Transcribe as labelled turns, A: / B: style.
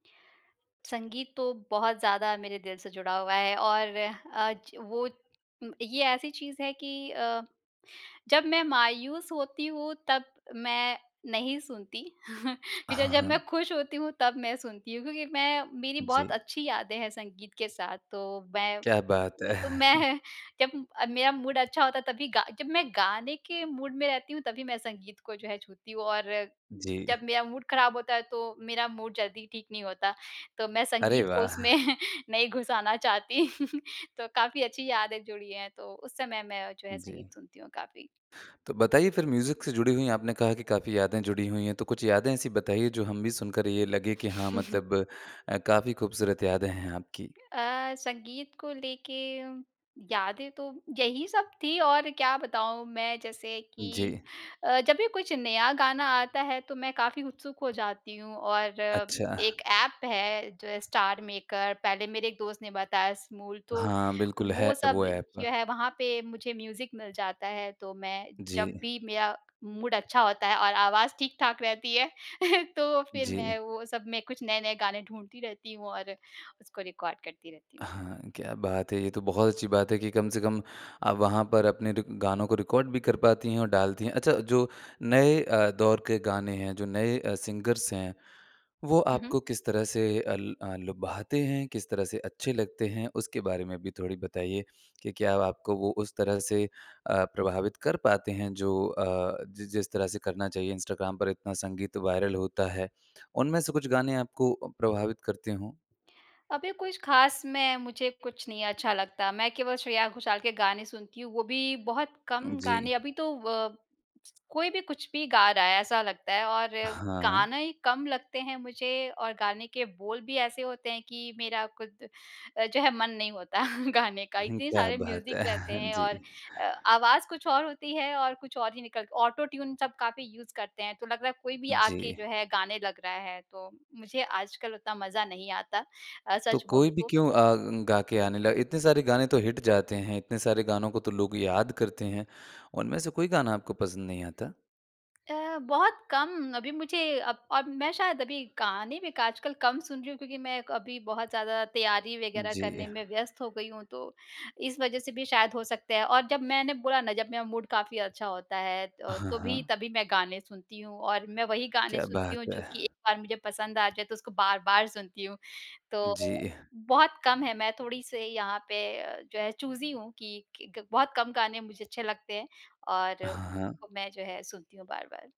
A: संगीत तो बहुत ज़्यादा मेरे दिल से जुड़ा हुआ है और आज, वो ये ऐसी चीज़ है कि अ, जब मैं मायूस होती हूँ तब मैं नहीं सुनती। फ़िर
B: हाँ,
A: अगर मैं
B: हाँ।
A: खुश होती हूँ तब मैं सुनती हूँ क्योंकि मैं मेरी बहुत
B: जी।
A: अच्छी यादें हैं संगीत के साथ तो मैं
B: क्या बात है?
A: तो मैं जब मेरा मूड अच्छा होता है, तभी गा जब मैं गाने के मूड में रहती हूँ तभी मैं संगीत को जो है, छूती हूँ। और
B: जी।
A: जब मेरा मूड खराब होता है, तो मेरा मूड जल्दी ठीक नहीं होता, तो मैं
B: अरे
A: संगीत को
B: वाह!
A: उसमें नहीं घुसाना चाहती। तो काफ़ी अच्छी यादें जुड़ी हैं तो उस समय में मैं जो है
B: जी।
A: संगीत सुनती हूँ काफ़ी।
B: तो बताइए फिर म्यूज़िक से जुड़ी हुई हैं, आपने कहा कि काफ़ी यादें जुड़ी हुई हैं। तो कुछ यादें ऐसी बताइए, जो हम भी सुनकर ये लगे कि हाँ मतलब अ, काफ़ी खूबसूरत यादें हैं आपकी।
A: अ, संगीत को लेके यादें तो, यही सब थीं। और क्या बताऊँ? मैं जैसे कि
B: जी।
A: अ, जब भी कुछ नया गाना आता है, तो मैं काफ़ी उत्सुक हो जाती हूँ और
B: अच्छा।
A: एक ऐप है जो है, स्टार मेकर पहले मेरे एक दोस्त बताया स्मूल, तो
B: हाँ, बिल्कुल
A: वो
B: है
A: सब
B: वो ऐप।
A: जो है, वहाँ पे मुझे म्यूज़िक मिल जाता है, तो मैं जब
B: जी।
A: भी मेरा मूड अच्छा होता है और आवाज़ ठीक-ठाक रहती है तो फिर मैं
B: जी।
A: वो सब में कुछ नए-नए गाने ढूँढती रहती हूँ और उसको रिकॉर्ड करती रहती हूँ।
B: हाँ। क्या बात है, ये तो बहुत अच्छी बात है कि कम से कम आप वहाँ पर अपने रिक गानों को रिकॉर्ड भी कर पाती हैं और डालती हैं। अच्छा जो नए अ, दौर के गाने हैं जो नए अ, सिंगर्स हैं, वो
A: हुँ, हुँ।
B: आपको किस तरह से अ, ल लुभाते हैं किस तरह से अच्छे लगते हैं? उसके बारे में भी थोड़ी बताइए कि क्या अब आपको वो उस तरह से अ, प्रभावित कर पाते हैं? जो अ, जि जिस तरह से करना चाहिए, इंस्टाग्राम पर इतना संगीत वायरल होता है। उनमें से कुछ गाने आपको अ, प्रभावित करते हों?
A: अभी कुछ ख़ास में, मुझे कुछ नहीं अच्छा लगता, मैं केवल श्रेया घोषाल के गाने सुनती हूँ। वो भी बहुत कम
B: जी।
A: गाने अभी तो अ, कोई भी कुछ भी गा रहा है ऐसा लगता है और
B: हाँ।
A: गाने ही कम लगते हैं मुझे और गाने के बोल भी ऐसे होते हैं कि मेरा ख़ुद अ, जो है मन नहीं होता गाने का
B: हुँ।
A: इतने
B: क्या
A: सारे
B: बात
A: म्यूज़िक
B: है
A: रहते हैं और
B: जी।
A: अ, आवाज़ कुछ और होती है और कुछ और ही निकल ऑटो ट्यून सब काफ़ी यूज़ करते हैं, तो लग रहा है कोई भी आके
B: जी।
A: जो है गाने लग रहा है, तो मुझे आजकल उतना मज़ा नहीं आता। अ,
B: तो
A: सच
B: कोई
A: बोलूँ
B: भी
A: तो।
B: क्यों अ, गा के आने ल इतने सारे गाने तो हिट जाते हैं, इतने सारे गानों को तो लोग याद करते हैं। उनमें से कोई गाना आपको पसंद नहीं आता?
A: अ, बहुत कम, अभी मुझे अब अब मैं शायद अभी गाने भी आजकल कम सुन रही हूँ क्योंकि मैं अभी बहुत ज़्यादा तैयारी वगैरह करने
B: जी।
A: में व्यस्त हो गई हूँ। तो इस वजह से भी शायद हो सकता है और जब मैंने बोला ना जब मेरा मूड काफ़ी अच्छा होता है,
B: हाँ,
A: तोभी
B: हाँ।
A: तभी मैं गाने सुनती हूँ और मैं वही गाने
B: क्या
A: सुनती
B: बात
A: हूँ जो
B: है।
A: कि एक बार मुझे पसंद आ जाए, तो उसको बार-बार सुनती हूँ, तो
B: जी।
A: बहुत कम है, मैं थोड़ी-सी यहाँ पे जो है चूज़ी हूँ कि बहुत कम गाने मुझे अच्छे लगते हैं। और
B: हाँ, हाँ।
A: मैं जो है सुनती हूँ। बार-बार।